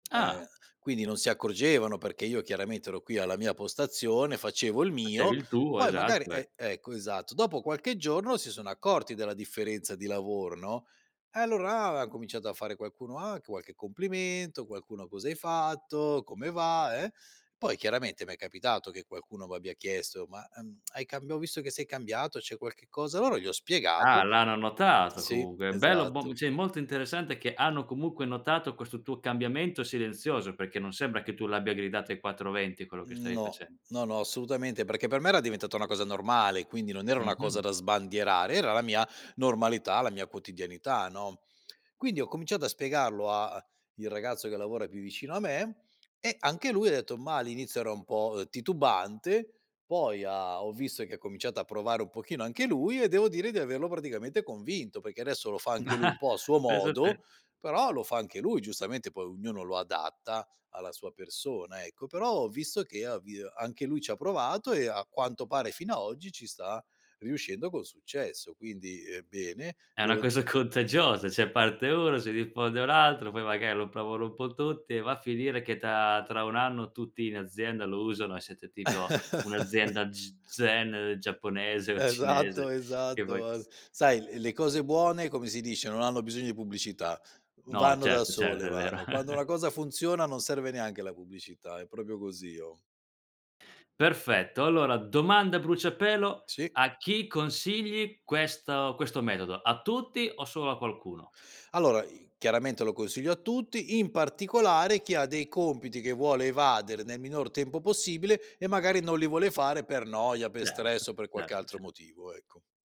Ah. Eh, quindi non si accorgevano perché io chiaramente ero qui alla mia postazione, facevo il Facevi mio, il tuo, poi magari esatto eh. e ecco esatto. Dopo qualche giorno si sono accorti della differenza di lavoro no, e allora là han cominciato a fare qualcuno: "Ah!" anche qualche complimento, qualcuno: "Cosa hai fatto, come va?", eh poi chiaramente m'è capitato che qualcuno m'abbia chiesto: "Ma ehm hai camb ho visto che sei cambiato, c'è qualche cosa" allora gli ho Ah, spiegato l'hanno notato Sì, comunque, bello, bom esatto. sì, molto interessante che hanno comunque notato questo tuo cambiamento silenzioso, perché non sembra che tu l'abbia gridato ai quattro venti quello che stavi No, facen no, no, assolutamente, perché per me era diventata una cosa normale, quindi non era una cosa Mh-mh. da sbandierare, era la mia normalità, la mia quotidianità no, quindi ho cominciato a spiegarlo a il ragazzo che lavora più vicino a me e anche lui ha detto, ma all'inizio era un po' titubante, poi ha ho visto che ha cominciato a provare un pochino anche lui e devo dire di averlo praticamente convinto, perché adesso lo fa Mh, anche lui un ah, po' a suo pensa modo, te. però lo fa anche lui. Giustamente poi ognuno lo adatta alla sua persona ecco, però ho visto che ha vi anche lui ci ha provato e a quanto pare fino a oggi ci sta riuscendo con successo. Quindi, ehm, bene È una devo d cosa contagiosa, cioè parte 1, si diffonde un altro, poi magari lo provano un po' tutti e va a finire che ta tra 1 anno tutti in azienda lo usano, e siete tipo un'azienda g zen giapponese o Esatto, cinese che vuoi esatto, che s ar Sai l le cose buone, come si dice, non hanno bisogno di pubblicità, v No vanno da certo, sole, certo, è vero. vanno. Quando una cosa funziona non serve neanche la pubblicità, è proprio così oh. Perfetto, allora domanda a bruciapelo, Sì. a chi consigli questo questo metodo, a tutti o solo a qualcuno? Allora i chiaramente lo consiglio a tutti, in particolare chi ha dei compiti che vuole evadere nel minor tempo possibile e magari non li vuole fare per noia, per Certo, stress o per qualche certo, altro ce motivo, ecco.